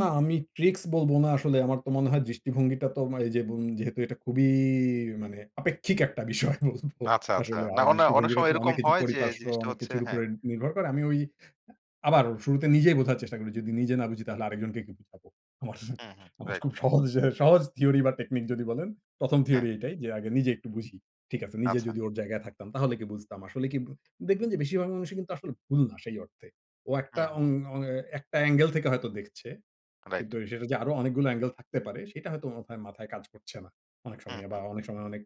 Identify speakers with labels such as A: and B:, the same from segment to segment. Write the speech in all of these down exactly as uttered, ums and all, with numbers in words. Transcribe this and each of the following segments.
A: না, আমি ট্রিকস বলব না আসলে। আমার তো মনে হয় দৃষ্টিভঙ্গিটা তো মা এইযে বুম যেহেতু এটা খুবই মানে আপেক্ষিক একটা বিষয় বলব।
B: আচ্ছা, আচ্ছা।
A: আসলে আ
B: না অনে অনেক
A: দৃষ্টিভঙ্গিটা
B: সময়
A: তো
B: এরকম
A: অনেক কিছু
B: হয় যে,
A: পরিপার্শ্ব
B: জিনিসটা
A: অনেক
B: হচ্ছে
A: কিছুর
B: হ্যাঁ।
A: উপরে নির্ভর করে। আমি ওই আবার শুরুতে নিজেই বোঝার চেষ্টা করি। যদি নিজে না বুঝি তাহলে আরেকজনকে কি বুঝাব? আমার,
B: হুম, হুম,
A: আমার
B: রাইট।
A: খুব সহজ এ সহজ থিওরি বা টেকনিক যদি বলেন, প্রথম,
B: হ্যাঁ।
A: থিওরি এটাই যে, আগে নিজে একটু বুঝি। ঠিক আছে। নিজে
B: আচ্ছা।
A: যদি ওর জায়গায় থাকতাম তাহলে কি বুঝতাম। আসলে কি বু দেখবেন যে, বেশিরভাগ মানুষই কিন্তু আসলে ভুল না সেই অর্থে। ও একটা
B: হুম, হুম।
A: অং অ একটা এঙ্গেল থেকে হয়তো দেখছে।
B: রাইট।
A: কিন্তু অ্যা সেটা যে, আরো অনেকগুলো এঙ্গেল থাকতে পারে সেটা হয়তো ও মাথায়, মাথায় কাজ করছে না। অনেক
B: হুম,
A: সময় বা
B: হুম।
A: অনেক সময় অনেক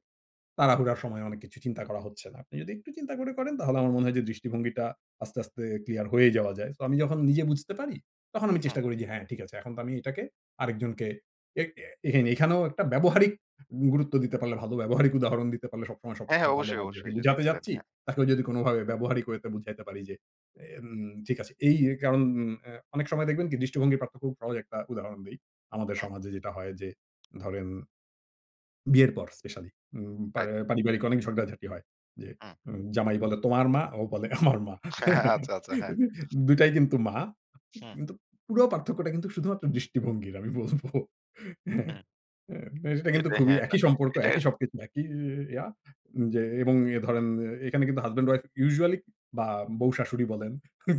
A: তাড়াহুড়ার সময় অনেক কিছু চিন্তা করা হচ্ছে না। আপনি যদি একটু চিন্তা করে করেন তাহলে আমার মনে হয় যে, দৃষ্টিভঙ্গিটা আস্তে, আস্তে ক্লিয়ার হয়ে যাওয়া যায়। সো আমি যখন নিজে বুঝতে পারি তখন আমি
B: হুম।
A: চেষ্টা করি যে, হ্যাঁ, ঠিক আছে। এখন তো আমি এটাকে আরেকজনকে এ্যাক এখানেও একটা ব্যবহারিক গুরুত্ব দিতে পারলে ভালো ব্যবহারিক উদাহরণ দিতে পারলে সবসময় সব
B: হ্যাঁ, হ্যাঁ,
A: ভালো
B: অবশ্যই,
A: হয়। জেকে
B: অবশ্যই যদি
A: বোঝাতে
B: একটু দেন।
A: যাচ্ছি
B: হ্যাঁ।
A: তাকেও যদি কোনোভাবে ব্যবহারিক way তে বুঝাইতে পারি যে, এন ঠিক আছে এই, এই কারণ আ অনেক সময় দেখবেন দৃষ্টিভঙ্গি প্রাপ্ত খুব সহজ একটা উদাহরণ দেই। আমাদের
B: হুম।
A: সমাজে যেটা হয় যে, ধরেন বিয়ের পর স্পেশালি উম
B: রাইট।
A: পারে পারিবারিক অনেক ঝগড়াঝাটি হয়। যে,
B: হুম।
A: উম জামাা্‌ "তোমার মা" ও বলে "আমার মা।"
B: হ্যাঁ, আচ্ছা, আচ্ছা, হ্যাঁ।
A: দু টাই কিন্তু মা।
B: হুম।
A: কিন্তু পুরো পার্থক্যটা কিন্তু শুধুমাত্র দৃষ্টিভঙ্গির আমি বলব। হ্যাঁ,
B: হুম।
A: অ্যা এটা কিন্তু
B: এতে
A: খুবই
B: হ্যাঁ, না।
A: একই সম্পর্ক
B: এটার
A: একই সবকিছু একই ইয়া যে, এবং অ্যা ধরেন এখানে কিন্তু হাসব্যান্ড উইফ usually বা বউ-শাশুড়ি বলেন।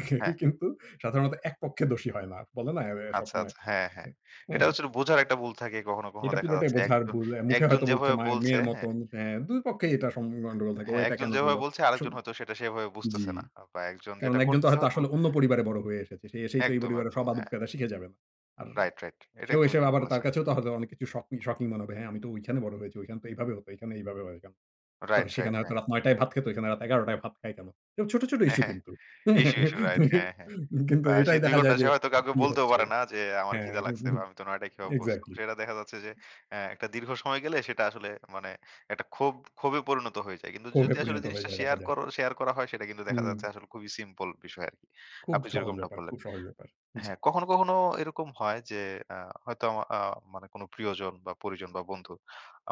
A: কেউ
B: হ্যাঁ।
A: কিন্তু সাধারণত এক পক্ষে দোষী হয় না। বলে না অ্যা অ্যা
B: আচ্ছা,
A: সবসময়
B: আচ্ছা। হ্যাঁ,
A: উ
B: হ্যাঁ। এটা
A: হ্যাঁ।
B: হচ্ছিলো বোঝার একটা ভুল থাকে কখনো, কখনো
A: এটা
B: দেখা
A: পুরোটাই
B: যাচ্ছে।
A: বোঝার
B: একজন,
A: ভুল। অ্যা মুখে
B: একজন
A: হয়তো বলছে,
B: যেভাবে
A: মায়ের
B: বলছে
A: মেয়ের
B: হ্যাঁ।
A: মতন। হ্যাঁ, দুই পক্ষেই এটা সম গন্ডগোল থাকে। ও
B: হ্যাঁ,
A: এটা
B: একজন
A: কেন
B: যেভাবে
A: করল।
B: বলছে,
A: স
B: আরেকজন হয়তো সেটা সেভাবে
A: জি।
B: বুঝতেছে না। আ বা একজন
A: কারণ
B: যেটা
A: একজন তো
B: করতেছে
A: হয়তো
B: হয়তো
A: আসলে অন্য পরিবারে বড় হয়ে এসেছে। সে এসেই তো এই
B: একদম,
A: পরিবারে
B: একদম
A: সব
B: হ্যাঁ।
A: আদব-কায়দা শিখে যাবে না। আর
B: রাইট, রাইট। এটা
A: সেও এসে
B: একদমই ঠিক
A: আবার তার
B: বলেছেন।
A: কাছেও তো হয়তো অনেক কিছু শকি শকিং মনে হবে হ্যাঁ, "আমি তো ঐখানে বড় হয়েছি। ওইখানে তো এইভাবে হত। এখানে এইভাবে হয় কেন?" তো
B: রাইট, রাইট
A: সেখানে হয়তো
B: হ্যাঁ।
A: রাত নয় টায় ভাত খেত, ওখানে রাত এগারো টায় ভাত খায় কেন? ছোট, ছোট
B: হ্যাঁ,
A: ইশ্যু
B: হ্যাঁ,
A: কিন্তু,
B: ইশ্যু, ইশ্যু রাইট হ্যাঁ, হ্যাঁ।
A: কিন্তু
B: প্রায়
A: এটাই
B: সেই দুই
A: দেখা
B: ঘন্টা
A: যায়
B: সে
A: যে,
B: হয়তো কাউকে
A: কি
B: বলতেও
A: হচ্ছে
B: পারে না যে, আমার
A: হ্যাঁ,
B: খিদা লাগছে বা আমি তো নয় টাই কি অভ্যস্ত।
A: এক্সাক্টলি।
B: সেটা দেখা যাচ্ছে যে, অ্যা একটা দীর্ঘ সময় গেলে সেটা আসলে মানে একটা ক্ষোভ ক্ষোভে পরিণত হয়ে যায়। কিন্তু
A: কোভে
B: যদি আসলে
A: পরিণত হয়ে
B: জিনিসটা
A: যায় দেখা
B: শেয়ার
A: যায়।
B: করো, শেয়ার করা হয় সেটা কিন্তু দেখা যাচ্ছে
A: উম
B: আসলে খুবই সিম্পল বিষয় আরকি।
A: খুব
B: আপনি
A: সহজ
B: যেরকমটা
A: ব্যাপার
B: বললেন।
A: খুব সহজ ব্যাপার। জি।
B: হ্যাঁ, কখনো, কখনো এরকম হয় যে, আ হয়তো আমা আ মানে কোনো প্রিয়জন বা পরিজন বা বন্ধু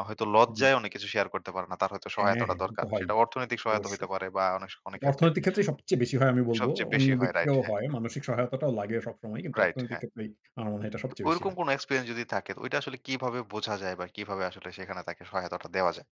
B: আ হয়তো
A: জি।
B: লজ্জায় অনেক কিছু শেয়ার করতে পারে না। তার হয়তো
A: হ্যাঁ,
B: সহায়তাটা
A: হ্যাঁ, তো
B: দরকার।
A: হয়ই,
B: সেটা অর্থনৈতিক সহায়তা হইতে
A: অবশ্যই।
B: পারে বা অনেক স অনেক
A: এটা
B: ক্ষেত্রে।
A: অর্থনৈতিক ক্ষেত্রেই সবচেয়ে বেশি হয় আমি বলব।
B: সবচেয়ে
A: অন্য
B: বেশি হয়
A: দিকে
B: রাইট
A: দিয়েও
B: হ্যাঁ।
A: হয়। মানসিক সহায়তাটাও লাগে সবসময় কিন্তু
B: রাইট,
A: অর্থনৈতিক
B: হ্যাঁ।
A: ক্ষেত্রেই আমার মনে হয় এটা
B: তো
A: সবচেয়ে বেশি
B: ঐরকম
A: হয়।
B: কোন এক্সপেরিয়েন্স যদি থাকে ঐটা আসলে কিভাবে বোঝা যায় বা কিভাবে আসলে সেখানে তাকে সহায়তাটা দেওয়া যায়?